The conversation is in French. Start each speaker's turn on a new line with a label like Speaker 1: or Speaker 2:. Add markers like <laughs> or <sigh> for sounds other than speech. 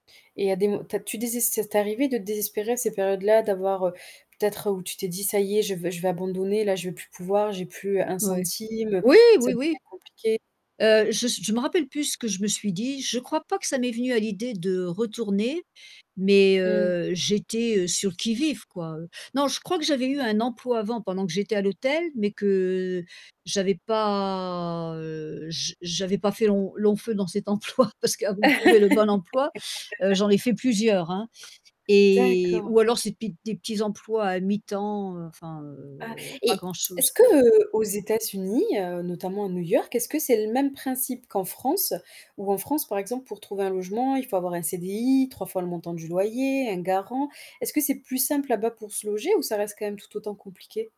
Speaker 1: Et à des mo tu as tu deses ça t'arrivait de te désespérer à ces périodes-là? D'avoir, heu peut-être où tu t'es dit: «Ça y est, je veux je vais abandonner, là, je vais plus pouvoir, j'ai plus 1
Speaker 2: Ouais.
Speaker 1: centime, heu,
Speaker 2: Oui,
Speaker 1: ça
Speaker 2: oui, oui.
Speaker 1: devient compliqué»
Speaker 2: Heu, je s je m'en rappelle plus ce que je me suis dit, je crois pas que ça m'est venu à l'idée de retourner, mais
Speaker 1: Mmh.
Speaker 2: heu, j'étais sur le qui-vive quoi, heu, non, je crois que j'avais eu un emploi avant, pendant que j'étais à l'hôtel, mais que j'avais pas, heu j' j'avais pas fait lon long feu dans cet emploi parce qu'avant de trouver le bon emploi, heu,
Speaker 1: <laughs>
Speaker 2: j'en ai fait plusieurs hein, et
Speaker 1: D'accord.
Speaker 2: ou alors ces petits des petits emplois à mi-temps, heu, enfin,
Speaker 1: Ah
Speaker 2: heu, pas
Speaker 1: et <clicks tongue> est-ce
Speaker 2: grand-chose.
Speaker 1: que, heu, aux États-Unis, heu, notamment à New York est-ce que c'est le même principe qu'en France, où en France par exemple pour trouver un logement, il faut avoir un CDI, 3 fois le montant du loyer, un garant? Est-ce que c'est plus simple là-bas pour se loger ou ça reste quand même tout autant compliqué?